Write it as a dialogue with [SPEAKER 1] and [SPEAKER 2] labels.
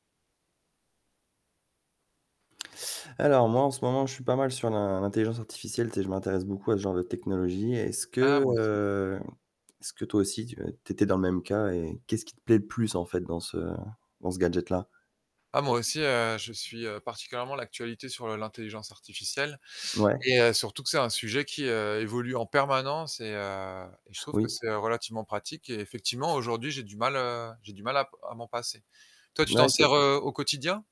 [SPEAKER 1] Alors moi en ce moment, je suis pas mal sur l'in l'intelligence artificielle, tu sais, je m'intéresse beaucoup à ce genre de technologie. Est-ce
[SPEAKER 2] Ah
[SPEAKER 1] que,
[SPEAKER 2] moi aussi.
[SPEAKER 1] heu, est-ce que toi aussi tu tu étais dans le même cas et qu'est-ce qui te plaît le plus, en fait, dans ce dans ce gadget-là?
[SPEAKER 2] Ah moi aussi, heu, je suis, heu, particulièrement l'actualité sur l'intelligence artificielle
[SPEAKER 1] Ouais.
[SPEAKER 2] et heu, surtout que c'est un sujet qui, heu, évolue en permanence et, heu, et je trouve que
[SPEAKER 1] Oui.
[SPEAKER 2] c'est relativement pratique et effectivement aujourd'hui j'ai du mal, heu, j'ai du mal à m à m'en passer. Toi, tu
[SPEAKER 1] Ouais,
[SPEAKER 2] t'en
[SPEAKER 1] c'est
[SPEAKER 2] sers,
[SPEAKER 1] vrai.
[SPEAKER 2] heu, au quotidien?